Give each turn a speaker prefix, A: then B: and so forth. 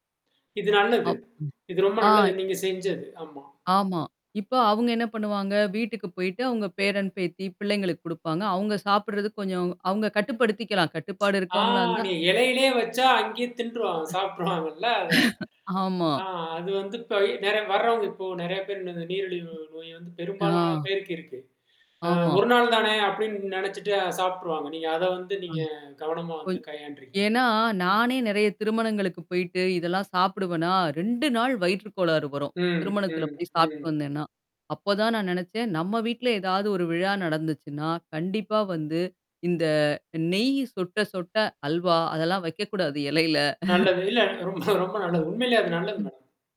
A: இது நல்லது.
B: ஆப்.
A: இது ரொம்ப
B: ம்.
A: நல்லது.
B: ஆ.
A: நீங்க செஞ்தது. ஆமா.
B: ஆமா. இப்போ அவங்க என்ன பண்ணுவாங்க, வீட்டுக்கு போயிட்டு அவங்க பேரன் பேத்தி பிள்ளைங்களுக்கு குடுப்பாங்க. அவங்க சாப்பிடுறது கொஞ்சம் அவங்க கட்டுப்படுத்திக்கலாம். கட்டுப்பாடு
A: ஆ.
B: இருக்கவங்களா இருந்தா.
A: நீ இலையிலேயே வச்சா அங்கேயே தின்றுவாங்க,
B: அ.
A: சாப்ட்றுவாங்கல்ல அத.
B: ஆமா.
A: ஆ அது வந்து [unintelligible] நேரா வரவங்க இப்போ நிறைய பேர் நீரிழிவு நோய் வந்து
B: ஆ.
A: பெரும்பாலான பேருக்கு இருக்கு. அ
B: ஆமா.
A: ஒரு நாள் தானே அப்படின்னு நினைச்சுட்டு சாப்ட்ருவாங்க. நீங்க அத வந்து
B: அ.
A: நீங்க கவனமா வந்து
B: கொஞ்
A: கையாண்டு இருக்கீங்க.
B: ஏன்னா நானே நிறைய திருமணங்களுக்கு போயிட்டு இதெல்லாம் சாப்பிடுவேனா, 2 நாள் வயிற்று கோளாறு வரும்.
A: ம்,
B: திருமணத்தில
A: ம்,
B: போய் சாப்பிட்டு
A: ம்.
B: வந்தேன்னா. அப்போ தான் நான் நினைச்சேன் நம்ம வீட்டில ஏதாவது ஒரு விழா நடந்துச்சுன்னா, கண்டிப்பா வந்து இந்த நெய் சொட்ட சொட்ட அல்வா அதெல்லாம் வைக்கக்கூடாது இலையில.
A: நல்லது. இல்ல ரொம்ப நல்லது.
B: ம்,
A: உண்மையிலேயே அது நல்லது
B: ம்.
A: மேடம்.